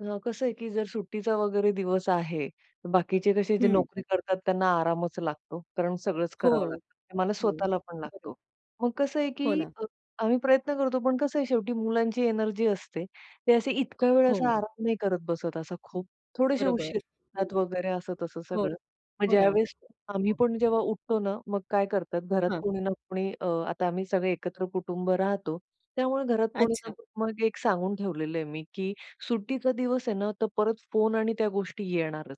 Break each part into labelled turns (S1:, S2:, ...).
S1: अ, कसं आहे, की जर सुट्टीचा वगैरे दिवस आहे, बाकीचे कसे जे
S2: हं.
S1: नोकरी करतात त्यांना आरामच लागतो, कारण सगळंच करावं
S2: हो.
S1: लागतं. ते मला
S2: हो.
S1: स्वतःला पण
S2: बरोबर.
S1: लागतो. मग कसं आहे,
S2: हो
S1: की
S2: ना.
S1: अ, आम्ही प्रयत्न करतो पण कसं आहे शेवटी मुलांची एनर्जी असते. ते असे इतक्या वेळ
S2: हो.
S1: असा आराम नाही करत बसत असा खूप थोडेसे
S2: बरोबर.
S1: उशीर [unintelligible] वगैरे असं-तसं
S2: हो,
S1: सगळं. मग
S2: हो ना.
S1: ज्यावेळेस आम्ही पण जेव्हा उठतो ना, मग काय करतात, घरात
S2: हां.
S1: कोणी ना कोणी अ, आता आम्ही सगळे एकत्र कुटुंब राहतो. त्यामुळे घरात कोणी ना
S2: अच्छा.
S1: कोणी मग एक सांगून ठेवलेलं आहे मी, की सुट्टीचा दिवस आहे ना, तर परत फोन आणि त्या गोष्टी येणारच.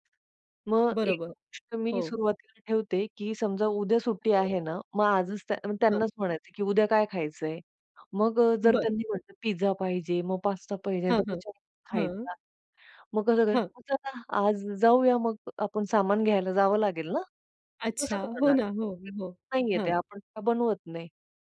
S1: मग एक
S2: बरोबर.
S1: गोष्ट मी
S2: हो.
S1: सुरुवातीला ठेवते की समजा उद्या सुट्टी
S2: हो.
S1: आहे ना, मग आजच त्या
S2: हां.
S1: त्यांनाच म्हणायचं, की "उद्या काय खायचंय." मग अ, जर
S2: बरं.
S1: त्यांनी म्हटलं, "पिझ्झा पाहिजे मग पास्ता पाहिजे,"
S2: हां,
S1: तर
S2: हां,
S1: विचारून
S2: हां.
S1: खायचा, "मग कसं काय?
S2: हां.
S1: चला आज जाऊया मग आपण सामान घ्यायला जावं लागेल ना, कसं
S2: अच्छा. हो
S1: करणार
S2: ना. हो,
S1: [unintelligible]
S2: हो,
S1: ते
S2: हां.
S1: आपण बनवत काय नाही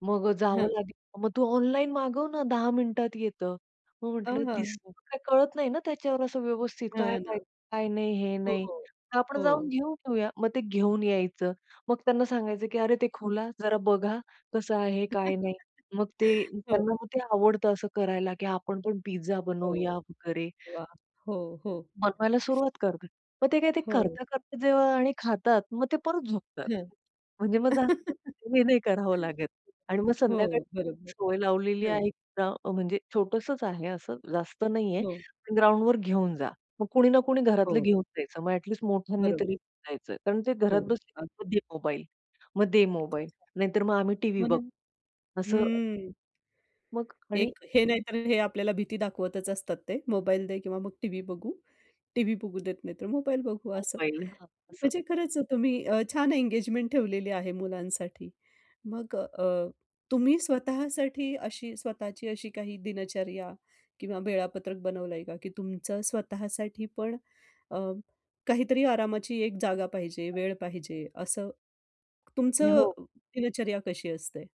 S1: मग अ,
S2: हां.
S1: जावं लागेल," "मग तू ऑनलाईन मागवं ना, 10 मिनिटात येतं." मग
S2: अ,
S1: म्हंटलं,
S2: हां.
S1: "दिसतं [unintelligible] काही कळत नाही ना, त्याच्यावर असं व्यवस्थित काय
S2: हां ना.
S1: पाहिजे काय नाही हे
S2: हो,
S1: नाही,
S2: हो.
S1: तर आपण जाऊन
S2: हो.
S1: घेऊन येऊया." मग ते घेऊन यायचं मग त्यांना सांगायचं, की "अरे ते खुला जरा बघा, कसं आहे, काय नाही." मग ते
S2: हो.
S1: त्यांना ते आवडतं असं करायला, की आपण पण पिझ्झा
S2: हो.
S1: बनवूया वगैरे.
S2: वाह! हो, हो.
S1: बनवायला सुरुवात करतात. मग ते काय ते
S2: हो.
S1: करता-करता जेव्हा आणि खातात मग ते परत झोपतात.
S2: हं.
S1: म्हणजे मग जास्त हे नाही करावं लागत. आणि मग संध्याकाळी
S2: हो, बरोबर.
S1: सवय लावलेली
S2: हां.
S1: आहे एकतर म्हणजे छोटसंच आहे असं जास्त नाही
S2: हो.
S1: आहे ग्राउंडवर घेऊन जा, मग कोणी ना कोणी घरातलं
S2: हो.
S1: घेऊन जायचं मग ॲटलीस्ट मोठ्यांनी
S2: बरोब
S1: तरी जायचं. कारण ते घरात
S2: हो,
S1: बसले
S2: अगदी.
S1: ना, "मग दे मोबाईल, मग दे मोबाईल," नाहीतर मग आम्ही टीव्ही
S2: हो ना.
S1: बघतो. असं
S2: हम्म
S1: मग आणि
S2: एक हे नाहीतर हे आपल्याला भीती दाखवतच असतात ते. मोबाईल दे किंवा मग टीव्ही बघू, टीव्ही बघू देत नाही, तर मोबाईल बघू असं.
S1: मोबाईल. हां, असं.
S2: म्हणजे खरंच तुम्ही अ, छान एंगेजमेंट ठेवलेली आहे मुलांसाठी. मग अ, तुम्ही स्वतःसाठी अशी स्वतःची अशी काही दिनचर्या किंवा वेळापत्रक बनवलंय का? की तुमचं स्वतःसाठी पण अ, काहीतरी आरामाची एक जागा पाहिजे,
S1: [unintelligible]
S2: वेळ पाहिजे असं. तुमचं
S1: हो.
S2: दिनचर्या कशी असते?